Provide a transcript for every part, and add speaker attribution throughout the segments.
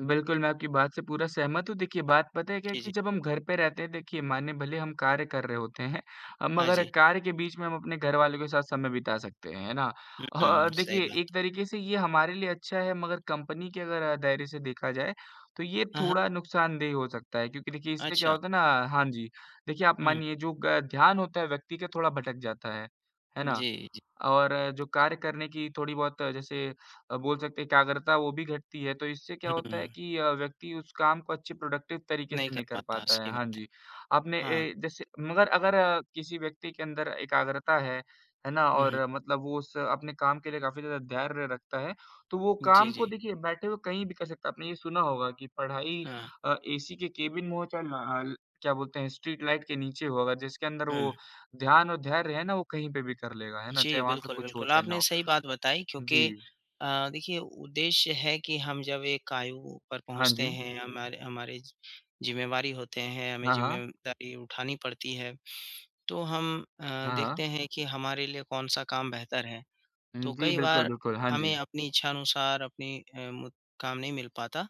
Speaker 1: बिल्कुल, मैं आपकी बात से पूरा सहमत हूँ। देखिए बात पता है क्या है
Speaker 2: जी,
Speaker 1: कि
Speaker 2: जी।
Speaker 1: जब हम घर पे रहते हैं, देखिए मानिए भले हम कार्य कर रहे होते हैं अ,
Speaker 2: हाँ,
Speaker 1: मगर
Speaker 2: जी।
Speaker 1: कार्य के बीच में हम अपने घर वालों के साथ समय बिता सकते हैं, है ना?
Speaker 2: हुँ, हुँ।
Speaker 1: और
Speaker 2: सही
Speaker 1: देखिए
Speaker 2: बात।
Speaker 1: एक तरीके से ये हमारे लिए अच्छा है मगर कंपनी के अगर दायरे से देखा जाए, तो ये
Speaker 2: हाँ, हाँ।
Speaker 1: थोड़ा नुकसानदेह हो सकता है क्योंकि देखिए इससे क्या
Speaker 2: अच्छा।
Speaker 1: होता ना हाँ जी, देखिए आप
Speaker 2: हुँ।
Speaker 1: मानिए जो ग ध्यान होता है व्यक्ति का थोड़ा भटक जाता है, है ना?
Speaker 2: जी, जी।
Speaker 1: और जो कार्य करने की थोड़ी-बहुत जैसे अ, बोल सकते हैं एकाग्रता वो भी घटती है, तो इससे क्या होता है
Speaker 2: हुँ।
Speaker 1: कि अ, व्यक्ति उस काम को अच्छे प्रोडक्टिव तरीके
Speaker 2: नहीं
Speaker 1: से
Speaker 2: कर
Speaker 1: नहीं कर
Speaker 2: पाता,
Speaker 1: पाता है।
Speaker 2: सही
Speaker 1: हाँ
Speaker 2: बात है।
Speaker 1: जी, आपने
Speaker 2: हाँ।
Speaker 1: ए जैसे मगर अगर किसी व्यक्ति के अंदर एकाग्रता है, है ना
Speaker 2: हुँ, हुँ।
Speaker 1: और मतलब वो उस अपने काम के लिए काफ़ी ज़्यादा धैर्य रखता है, तो वो
Speaker 2: जी,
Speaker 1: काम को
Speaker 2: जी।
Speaker 1: देखिए बैठे हुए कहीं भी कर सकता है। आपने ये सुना होगा कि पढ़ाई
Speaker 2: हाँ।
Speaker 1: अ, ऐसी के केबिन में हो चाहे न हल, क्या बोलते हैं स्ट्रीट लाइट के नीचे हो अगर जिसके अंदर
Speaker 2: हुँ।
Speaker 1: वो ध्यान और धैर्य है ना, वो कहीं पे भी कर लेगा, है ना?
Speaker 2: जी,
Speaker 1: चाहे वहाँ पे
Speaker 2: बिल्कुल,
Speaker 1: कुछ हो
Speaker 2: बिल्कुल,
Speaker 1: चाहे ना
Speaker 2: आपने
Speaker 1: हो।
Speaker 2: सही बात बताई क्योंकि
Speaker 1: जी।
Speaker 2: अ, देखिए उद्देश्य है कि हम जब एक आयु पर
Speaker 1: हाँ
Speaker 2: पहुँचते
Speaker 1: जी।
Speaker 2: हैं, हमारे हमारे ज़िम्मेवारी होते हैं, हमें
Speaker 1: हाँ, हाँ।
Speaker 2: ज़िम्मेदारी उठानी पड़ती है तो हम अ,
Speaker 1: हाँ, हाँ।
Speaker 2: देखते हैं कि हमारे लिए कौन-सा काम बेहतर है।
Speaker 1: हुँ,
Speaker 2: तो
Speaker 1: जी,
Speaker 2: कई
Speaker 1: बिल्कुल,
Speaker 2: बार
Speaker 1: बिल्कुल, हाँ
Speaker 2: हमें
Speaker 1: जी।
Speaker 2: अपनी इच्छा अनुसार अपनी अ, मु काम नहीं मिल पाता,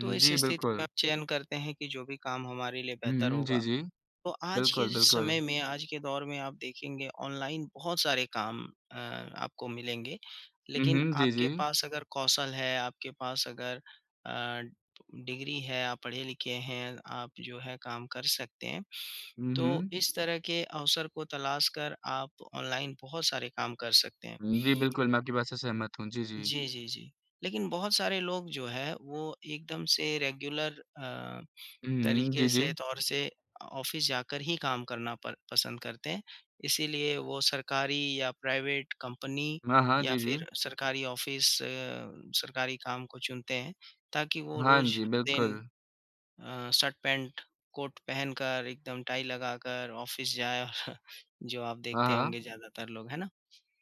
Speaker 2: तो इस
Speaker 1: जी,
Speaker 2: स्थिति में
Speaker 1: बिल्कुल।
Speaker 2: आप चयन करते हैं कि जो भी काम हमारे लिए
Speaker 1: हुँ,
Speaker 2: बेहतर
Speaker 1: हुँ, जी,
Speaker 2: होगा,
Speaker 1: जी।
Speaker 2: तो आज के
Speaker 1: बिल्कुल,
Speaker 2: समय
Speaker 1: बिल्कुल।
Speaker 2: में, आज के दौर में आप देखेंगे ऑनलाइन बहुत सारे काम अ, आपको मिलेंगे,
Speaker 1: हुँ,
Speaker 2: लेकिन
Speaker 1: हुँ, जी,
Speaker 2: आपके
Speaker 1: जी।
Speaker 2: पास अगर कौशल है, आपके पास अगर अ, डिग्री है, आप पढ़े-लिखे हैं, आप जो है काम कर सकते हैं,
Speaker 1: हुँ,
Speaker 2: तो
Speaker 1: हुँ।
Speaker 2: इस तरह के अवसर को तलाश कर आप ऑनलाइन बहुत सारे काम कर सकते हैं।
Speaker 1: हुँ, जी बिल्कुल, मैं आपकी बात से सहमत हूँ। जी, जी।
Speaker 2: जी, जी, जी। लेकिन बहुत सारे लोग जो है वो एकदम से रेगुलर अ,
Speaker 1: हुँ, हुँ।
Speaker 2: तरीके
Speaker 1: जी,
Speaker 2: से
Speaker 1: जी।
Speaker 2: तौर से अ, ऑफ़िस जाकर ही काम करना पर पसंद करते हैं। इसीलिए वो सरकारी या प्राइवेट कंपनी
Speaker 1: हाँ, हाँ,
Speaker 2: या
Speaker 1: जी जी।
Speaker 2: फिर सरकारी ऑफ़िस सरकारी काम को चुनते हैं, ताकि वो
Speaker 1: हाँ
Speaker 2: रोज
Speaker 1: जी,
Speaker 2: दिन
Speaker 1: बिल्कुल।
Speaker 2: अ, शर्ट, पैंट, कोट पहनकर एकदम टाई लगाकर, ऑफ़िस जाए और जो आप
Speaker 1: हाँ,
Speaker 2: देखते
Speaker 1: हाँ।
Speaker 2: होंगे ज्यादातर लोग, है ना?